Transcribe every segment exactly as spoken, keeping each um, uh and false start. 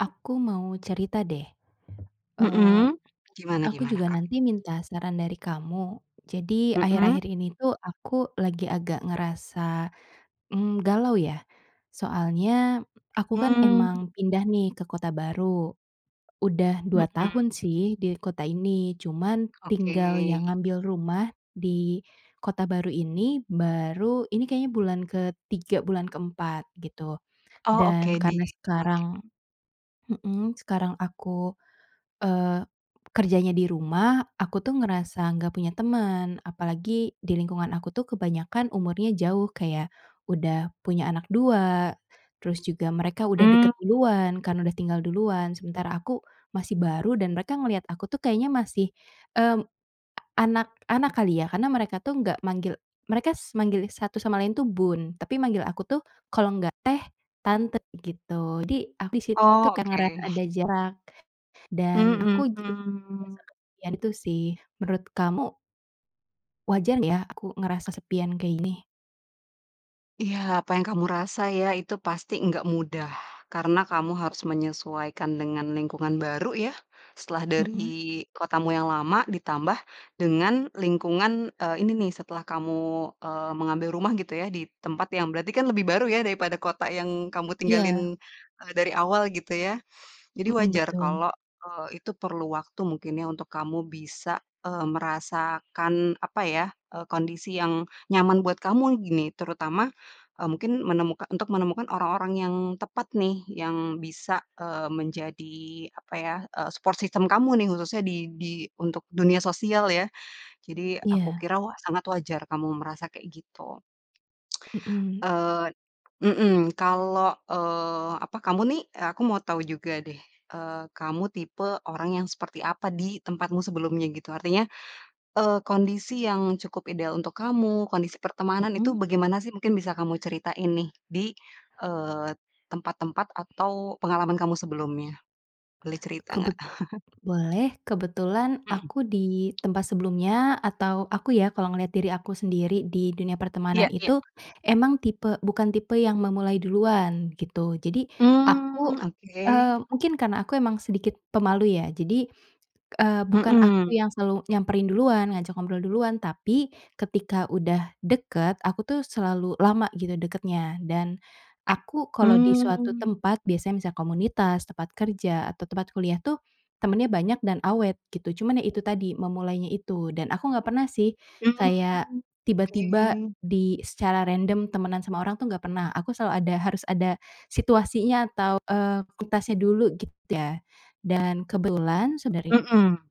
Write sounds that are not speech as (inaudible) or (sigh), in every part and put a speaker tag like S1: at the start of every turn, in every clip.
S1: Aku mau cerita deh, eee,
S2: Mmm, gimana
S1: aku
S2: gimana,
S1: juga
S2: Kak?
S1: nanti minta saran dari kamu. Jadi,
S2: Mmm.
S1: akhir-akhir ini tuh, aku lagi agak ngerasa, mmm, galau ya. Soalnya aku kan
S2: Hmm.
S1: emang pindah nih ke kota baru, udah dua
S2: Mmm.
S1: tahun sih di kota ini. Cuman
S2: Oke.
S1: tinggal yang ngambil rumah di kota baru ini baru ini kayaknya bulan ketiga bulan keempat gitu
S2: Oh,
S1: dan
S2: Oke di
S1: karena sekarang
S2: oke.
S1: mmm, sekarang aku, eee, kerjanya di rumah. Aku tuh ngerasa nggak punya teman, apalagi di lingkungan aku tuh kebanyakan umurnya jauh kayak udah punya anak dua terus juga mereka udah deket
S2: Mmm.
S1: duluan karena udah tinggal duluan. Sementara aku masih baru dan mereka ngelihat aku tuh kayaknya masih, eee, anak-anak kali ya, karena mereka tuh nggak manggil, mereka s manggil satu sama lain tuh "Bun" tapi manggil aku tuh kalau enggak "Teh", "Tante" gitu. Jadi aku di situ
S2: Oh,
S1: kayak ngerasa
S2: oke.
S1: ada
S2: (chuckles)
S1: jarak dan
S2: Mmm,
S1: aku ju
S2: hmm.
S1: biasakan yan tu sih, menurut kamu wajar ya aku ngerasa kesepian kayak ini?
S2: Iya, apa yang kamu rasa ya, itu pasti gak mudah. Karena kamu harus menyesuaikan dengan lingkungan baru ya, setelah dari
S1: Mmm.
S2: kotamu yang lama ditambah dengan lingkungan, eee, ini nih, setelah kamu, eee, mengambil rumah gitu ya, di tempat yang berarti kan lebih baru ya, daripada kota yang kamu
S1: Iya.
S2: tinggalin, eee, dari awal gitu ya. Jadi,
S1: Mmm,
S2: wajar
S1: betul.
S2: kalau, eee, itu perlu waktu mungkin ya, untuk kamu bisa, eee, merasakan apa ya, eee, kondisi yang nyaman buat kamu gini, terutama, eee, mungkin menemuka untuk menemukan orang-orang yang tepat nih yang bisa, eee, menjadi apa ya, eee, support system kamu nih khususnya di di untuk dunia sosial ya. Jadi, aku
S1: Iya.
S2: kira wa sangat wajar kamu merasa kayak gitu. (tsk)
S1: Mmm.
S2: Eee mmm, kalau, eee, apa kamu nih aku mau tau juga deh, eee, kamu tipe orang yang seperti apa, di tempatmu sebelumnya gitu. Artinya, eee, kondisi yang cukup ideal untuk kamu, kondisi pertemanan itu
S1: Mmm.
S2: begemana sih? Mungkin bisa kamu ceritain nih, di, eee, tempat-tempat atau pengalaman kamu sebelumnya. Boleh cerita gak?
S1: Kebet
S2: (chuckles)
S1: boleh kebetulan
S2: Mmm.
S1: aku di tempat sebelumnya atau aku ya, kalau ngelihat diri aku sendiri di dunia
S2: Iya
S1: pertemanan
S2: iya.
S1: itu emang tipe, bukan tipe yang memulai duluan gitu. Jadi, aku,
S2: Mmm,
S1: eee,
S2: oke.
S1: mungkin karena aku emang sedikit pemalu ya. Jadi, eee, bukan aku
S2: Mmm.
S1: yang selalu nyamperin duluan ngajak ngobrol duluan tapi ketika udah deket, aku tuh selalu lama gitu dekatnya. Dan aku kalau di suatu
S2: Mmm.
S1: tempat biasanya misal komunitas, tempat kerja atau tempat kuliah tuh, temennya banyak dan awet gitu. Cuman ya itu tadi, memulainya itu dan aku nggak pernah sih kayak
S2: Mmm,
S1: tiba-tiba,
S2: oke.
S1: di secara random temenan sama orang tuh nggak pernah aku selalu ada, harus ada situasinya atau, eee, kualitasnya dulu gitu ya dan kebetulan sedari
S2: Mmm.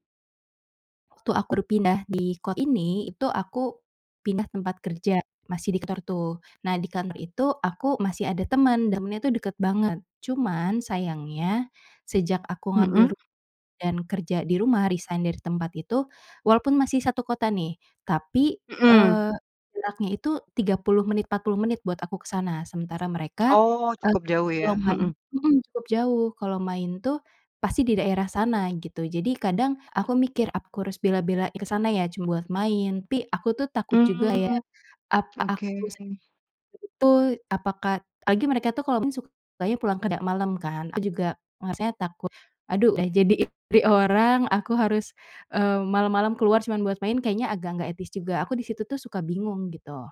S1: waktu aku berpindah di kota ini, itu aku pindah tempat kerja, masih di tor tuh. Nah, di kantor itu aku masih ada teman, dan rumahnya tuh deket banget cuman sayangnya, sejak aku ngambil
S2: Mmm.
S1: ru dan kerja di rumah resign dari tempat itu. Walaupun masih satu kota nih tapi,
S2: Mmm.
S1: eee, jaraknya itu tiga puluh menit empat puluh menit buat aku ke sana. Sementara mereka,
S2: Oh,
S1: eee,
S2: cukup jauh
S1: kalau
S2: ya,
S1: main
S2: mhm.
S1: hmm, cukup jauh, kalau main tuh, pasti di daerah sana gitu. Jadi, kadang aku mikir, "Aku harus bela-belain ke sana ya, cuma buat main," tapi aku tuh takut juga ya,
S2: Mmm,
S1: apa
S2: oke.
S1: aku (unintelligible) tu apakah lagi mereka tuh kalau main sukanya pulang kerja malam kan, aku juga, maksudnya takut, "Aduh udah jadi istri orang aku harus, eee, malam-malam keluar cuman buat main, kayaknya agak nggak etis juga," aku di situ tuh suka bingung gitu.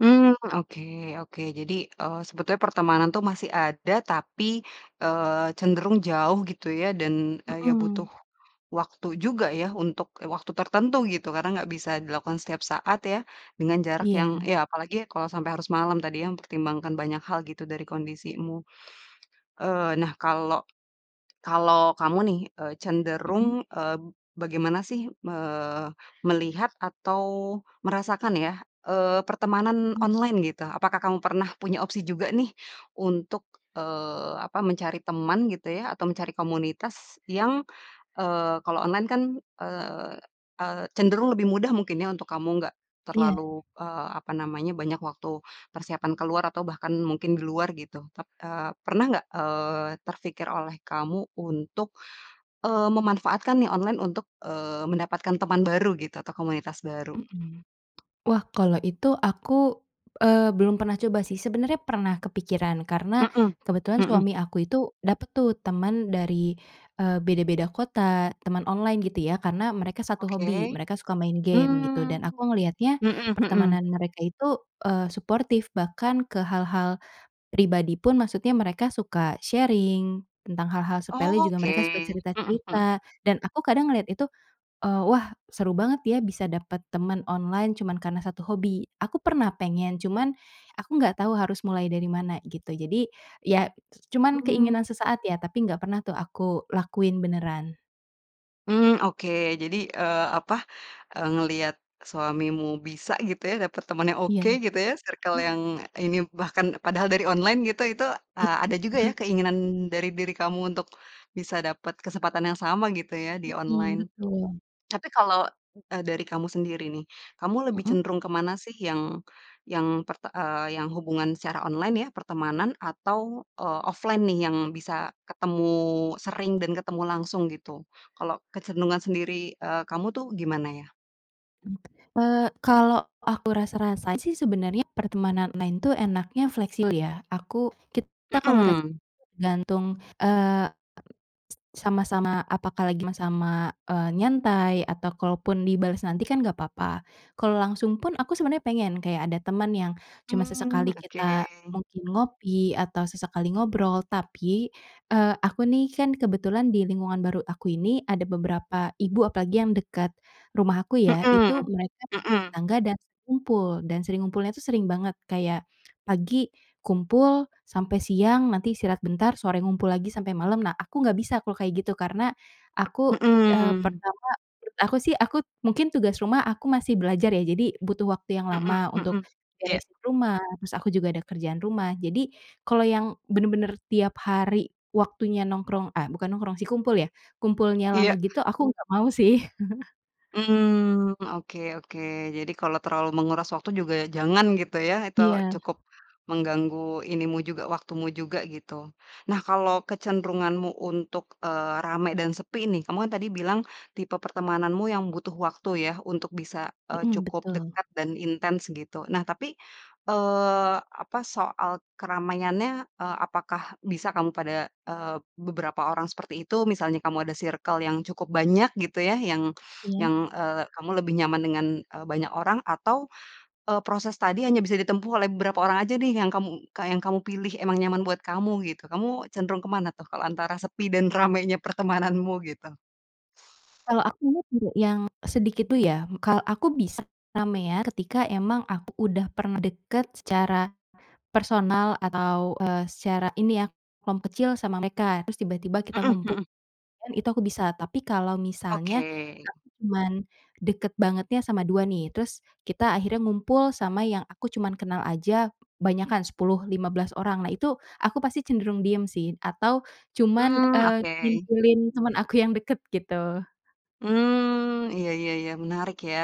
S2: Mmm, oke, oke. Jadi, eee, sebetulnya pertemanan tuh masih ada tapi, eee, cenderung jauh gitu ya. Dan, eee, ya butuh
S1: Mhm.
S2: waktu juga ya untuk waktu tertentu gitu karena nggak bisa dilakukan setiap saat ya, dengan jarak yang
S1: Iya.
S2: ya, apalagi kalau sampai harus malam tadi ya. Mempertimbangkan banyak hal gitu, dari kondisimu. Eee, nah kalau kalau kamu nih, eee, cenderung,
S1: Mmm.
S2: eee, bagaimana sih me melihat atau merasakan ya, eee, pertemanan
S1: Mmm.
S2: online gitu, apakah kamu pernah punya opsi juga nih, untuk, eee, apa, mencari teman gitu ya atau mencari komunitas yang, eee, kalau online kan, eee, eee, cenderung lebih mudah mungkin ya untuk kamu, nggak
S1: Iya.
S2: terlalu, eee, apa namanya, banyak waktu persiapan keluar atau bahkan mungkin di luar gitu tap eee, pernah nggak, eee, terpikir oleh kamu untuk, eee, memanfaatkan nih online untuk, eee, mendapatkan teman baru gitu atau komunitas baru.
S1: Mmm. Wah. Kalau itu aku, eee, belum pernah coba sih. Sebenernya pernah kepikiran karena
S2: Mmm,
S1: kebetulan
S2: mhm.
S1: suami aku itu, dapet tuh teman dari, eee, beda-beda kota, teman online gitu ya. Karena mereka satu hobi.
S2: Oke,
S1: Mereka suka main game gitu. Dan
S2: mmm,
S1: aku ngeliatnya
S2: mmm mmm.
S1: pertemanan mereka itu, eee, suportif. Bahkan ke hal-hal pribadi pun, maksudnya mereka suka sharing tentang hal-hal sepele juga
S2: Oke,
S1: mereka suka
S2: mmm mmm.
S1: cerita-cerita dan aku kadang ngelihat itu, eee, "Wah seru banget ya bisa dapet teman online cuman karena satu hobi." Aku pernah pengen cuman, aku nggak tahu harus mulai dari mana gitu. Jadi ya c cuman
S2: Mmm.
S1: keinginan sesaat ya, tapi enggak pernah tuh aku lakuin beneran.
S2: Mmm, oke, jadi, eee, apa, eee, ngeliat suamimu bisa gitu ya, dapat temen yang
S1: Iya.
S2: oke, gitu ya, circle
S1: (chuckles)
S2: yang ini, bahkan padahal dari online gitu, itu,
S1: I
S2: eee, ada juga ya
S1: mhm.
S2: keinginan dari diri kamu untuk bisa dapat kesempatan yang sama gitu ya di
S1: Mmm,
S2: online.
S1: betul.
S2: Tapi kalau, eee, dari kamu sendiri nih, kamu lebih
S1: Mmm.
S2: cenderung ke mana sih yang yang perte eee, yang hubungan secara online ya, pertemanan atau, eee, offline nih yang bisa ketemu sering dan ketemu langsung gitu? Kalau kecenderungan sendiri, eee, kamu, tuh gimana ya?
S1: Mmm, eee, kalau aku rasa-rasa sih sebenernya pertemanan lain itu enaknya fleksib ya, aku kita komunikasi
S2: Mmm.
S1: tergantung, eee, s sama-sama apakah lagi ma sama, eee, nyantai atau kalaupun dibales nanti kan nggak papa. Kalau langsung pun, aku sebenernya pengen, kayak ada temen yang cuma
S2: Mmm,
S1: sesekali
S2: oke.
S1: kita mungkin ngopi atau sesekali ngobrol. Tapi, eee, aku nih kan kebetulan di lingkungan baru aku ini, ada beberapa ibu, apalagi yang dekat rumah aku ya,
S2: Mmm,
S1: itu mereka
S2: mmm.
S1: tetangga dan sering kumpul dan sering ngumpulnya itu sering banget. Kayak, pagi kumpul sampai siang, nanti istirahat bentar, sore ngumpul lagi sampai malam. Nah, aku nggak bisa, kalau kayak gitu karena aku, eee,
S2: Mmm.
S1: pertama aku sih, aku mungkin tugas rumah, aku masih belajar ya. Jadi, butuh waktu yang
S2: Mmm
S1: lama
S2: mmm,
S1: untuk
S2: iya.
S1: beresin rumah. Terus aku juga ada kerjaan rumah. Jadi, kalau yang bener-bener tiap hari waktunya nongkrong, eh, bukan nongkrong sih kumpul ya, kumpulnya
S2: Iya.
S1: lama gitu aku nggak mau sih. (chuckles)
S2: Mmm, oke oke. Jadi, kalau terlalu menguras waktu juga, jangan, gitu ya. Itu
S1: Iya.
S2: cukup mengganggu ini mu juga, waktumu juga gitu. Nah, kalau kecenderunganmu untuk, eee, rame dan sepi nih, kamu kan tadi bilang tipe pertemananmu yang butuh waktu ya, untuk bisa, eee,
S1: Mmm,
S2: cukup
S1: betul.
S2: dekat dan intens gitu. Nah, tapi, eee, apa soal keramaiannya, eee, apakah bisa kamu pada, eee, beberapa orang seperti itu? Misalnya kamu ada circle yang cukup banyak gitu ya, yang
S1: Iya.
S2: yang, eee, kamu lebih nyaman dengan, eee, banyak orang, atau, eee, proses tadi hanya bisa ditempuh oleh beberapa orang aja nih, yang kamu ka yang kamu pilih emang nyaman buat kamu, gitu. Kamu cenderung ke mana tuh, kalau antara sepi dan ramainya pertemananmu, gitu?
S1: Kalau aku (unintelligible) yang sedikit, dulu ya, ka aku bisa ramean ketika emang aku udah pernah dekat secara personal atau, eee, secara ini ya kelom kecil sama mereka terus tiba-tiba kita
S2: Mmm,
S1: ngumpul
S2: mhm.
S1: (unintelligible) itu aku bisa. Tapi kalau misalnya
S2: Oke.
S1: aku cuman dekat bangetnya sama dua nih, terus kita akhirnya ngumpul sama yang aku cuma kenal aja banyakan sepuluh lima belas orang. Nah, itu aku pasti cenderung diem sih atau cuman,
S2: Mmm,
S1: eee,
S2: oke.
S1: ngintilin teman aku yang dekat gitu.
S2: Mmm, iya iya iya, menarik ya,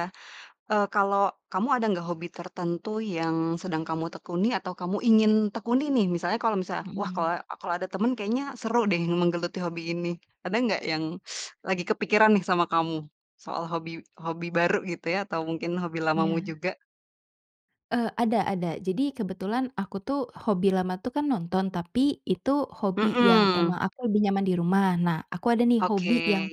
S2: eee, kalau kamu, ada nggak hobi tertentu yang sedang kamu tekuni atau kamu ingin tekuni nih, misalnya, kalau misalnya, wah kalau
S1: Mmm.
S2: a kalau ada teman kayaknya seru deh menggeluti hobi ini, ada nggak yang (sucks teeth) lagi kepikiran nih sama kamu, soal hobi hobi baru gitu ya atau mungkin hobi lamamu
S1: Iya.
S2: juga?
S1: Eee, ada ada. Jadi, kebetulan aku tuh, hobi lama itu kan nonton, tapi itu hobi yang
S2: Mmm.
S1: emang aku lebih nyaman di rumah. Nah aku ada nih, hobi
S2: Oke.
S1: yang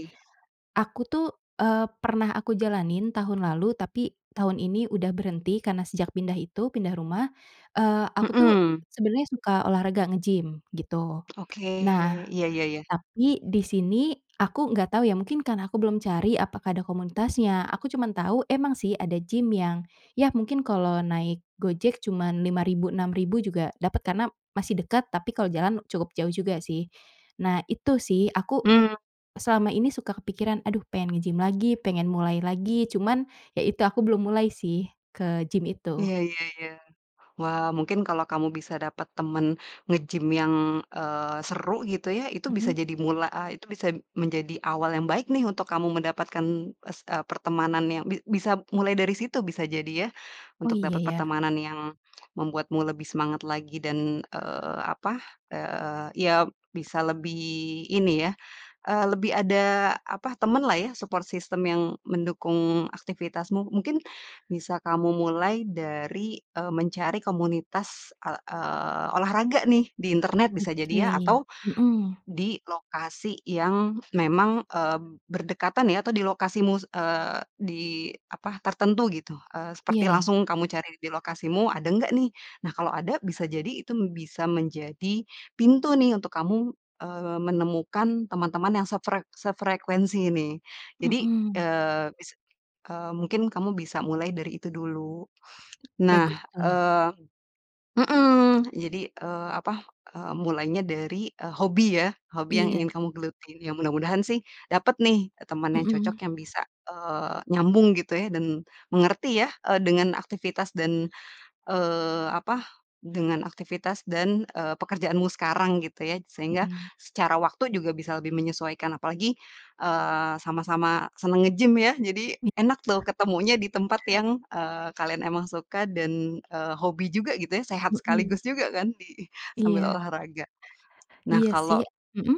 S1: aku tuh, eee, pernah aku jalanin tahun lalu, tapi tahun ini udah berhenti karena sejak pindah itu pindah rumah. Eee, aku tuh,
S2: Hmm.
S1: sebenernya suka olahraga nge-gym gitu.
S2: Oke,
S1: Nah.
S2: iya iya iya.
S1: Tapi di sini aku nggak tahu ya, mungkin karena aku belum cari apakah ada komunitasnya. Aku cuma tahu emang sih, ada gym yang, ya mungkin kalau naik Gojek cuma lima ribu enam ribu juga dapet karena masih dekat. Tapi kalau jalan cukup jauh juga sih. Nah, itu sih aku
S2: Mmm.
S1: selama ini suka kepikiran, "Aduh pengen nge-gym lagi, pengen mulai lagi." Cuman, ya itu aku belum mulai sih, ke gym itu.
S2: Iya iya iya. Wah, mungkin kalau kamu bisa dapat temen nge-gym yang, eee, seru gitu ya, itu bisa
S1: Mmm.
S2: jadi mula ah itu bisa menjadi awal yang baik nih untuk kamu mendapatkan s eee, pertemanan yang bi bisa mulai dari situ bisa jadi ya,
S1: Oh,
S2: untuk
S1: iya
S2: dapat
S1: ya.
S2: pertemanan yang membuatmu lebih semangat lagi dan, eee, apa, eee, ya bisa lebih ini ya, eee, lebih ada apa, temanlah ya, support system yang mendukung aktivitasmu, mungkin bisa kamu mulai dari, eee, mencari komunitas e eee, olahraga nih di internet, bisa jadi ya,
S1: Oke,
S2: atau
S1: mhm.
S2: di lokasi yang memang, eee, berdekatan ya, atau di lokasimu, eee, di apa, tertentu gitu, eee, seperti
S1: Iya.
S2: langsung kamu cari di lokasimu, ada enggak nih? Nah kalau ada, bisa jadi itu bisa menjadi pintu nih, untuk kamu, eee, menemukan teman-teman yang sefrek sefrekuensi nih. Jadi,
S1: Mmm.
S2: eee, bis eee, mungkin kamu bisa mulai dari itu dulu. Nah,
S1: Bagus tuh.
S2: eee mmm jadi, eee, apa, eee, mulainya dari, eee, hobi ya, hobi yang
S1: Iya.
S2: ingin kamu geluti. Ya mudah-mudahan sih, dapat nih teman yang cocok
S1: Mmm.
S2: yang bisa, eee, nyambung gitu ya dan mengerti ya, eee, dengan aktivitas dan, eee, apa, dengan aktivitas dan, eee, pekerjaanmu sekarang gitu ya, sehingga
S1: Mmm.
S2: secara waktu juga bisa lebih menyesuaikan, apalagi, eee, sama-sama senang nge-gym ya, jadi
S1: Iya.
S2: enak tuh ketemunya di tempat yang, eee, kalian emang suka dan, eee, hobi juga gitu ya, sehat
S1: Mmm.
S2: sekaligus juga, kan, di
S1: Iya.
S2: sambil olahraga. Nah
S1: Iya
S2: kalo
S1: sih, mmm?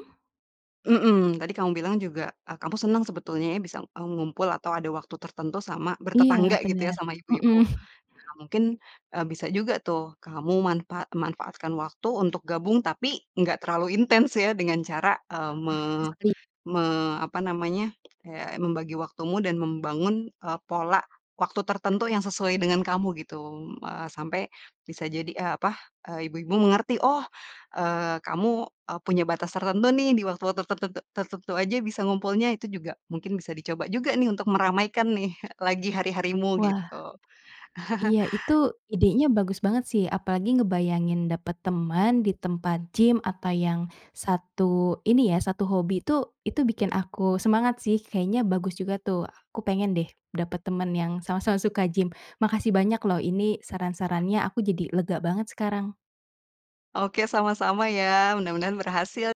S2: Mmm, tadi kamu bilang juga, ah kamu senang sebetulnya ya bisa, eee, ngumpul atau ada waktu tertentu sama
S1: Iya,
S2: bertetangga gitu ya
S1: bener,
S2: sama
S1: mhm.
S2: ibu-ibu.
S1: (chuckles)
S2: Nah, mungkin, eee, bisa juga tuh, kamu manfa manfaatkan waktu untuk gabung tapi enggak terlalu intens ya, dengan cara, eee, me
S1: Nervous kali.
S2: me apa namanya ya membagi waktumu dan membangun, eee, pola waktu tertentu yang sesuai dengan kamu, gitu m eee, sampai bisa jadi, eee, apa, eee, ibu-ibu mengerti, "Oh, eee, kamu, eee, punya batas tertentu nih, di waktu-waktu tertentu tertentu saja bisa ngumpulnya." Itu juga mungkin bisa dicoba juga nih, untuk meramaikan nih, lagi hari-harimu
S1: Wah.
S2: gitu. (chuckles)
S1: Iya itu idenya bagus banget sih. Apalagi ngebayangin dapat teman di tempat gym atau yang satu ini ya, satu hobi itu itu bikin aku semangat sih. Kayaknya bagus juga tuh. Aku pengen deh, dapat teman yang sama-sama suka gym. Makasih banyak loh. Ini saran-sarannya aku jadi lega banget sekarang.
S2: Oke, sama-sama ya, mudah-mudahan berhasil